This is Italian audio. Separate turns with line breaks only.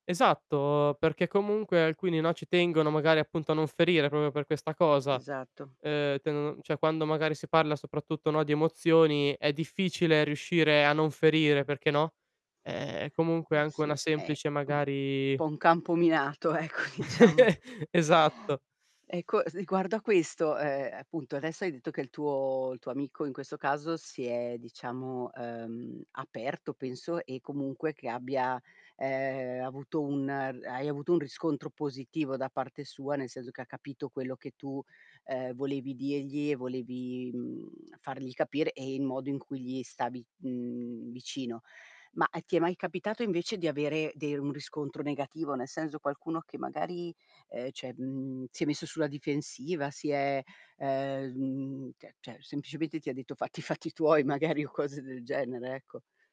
Esatto, perché comunque alcuni, no, ci tengono magari appunto a non ferire proprio per questa cosa.
Esatto.
Ehm, tendono cioè quando magari si parla soprattutto, no, di emozioni, è difficile riuscire a non ferire, perché, no, ehm, è comunque
Uhm,
anche una
sì, è,
semplice
mhmm, un
magari
po' un campo minato, ecco, diciamo.
Esatto.
Ecco, riguardo a questo, ehm, appunto, adesso hai detto che il tuo il tuo amico in questo caso si è, diciamo, ehm, aperto penso, e comunque che abbia, ehm, avuto un hai avuto un riscontro positivo da parte sua, nel senso che ha capito quello che tu, ehm, volevi, dirgli e volevi, mhmm, fargli capire e il modo in cui gli stavi, mhmm, vicino. Ma, e ti è mai capitato invece di avere de un riscontro negativo? Nel senso, qualcuno che magari, ehm, cioè, mhmm, si è messo sulla difensiva, si è, ehm, s mhmm, cioè cioè semplicemente ti ha detto: "Fatti i fatti tuoi", magari, o cose del genere, ecco.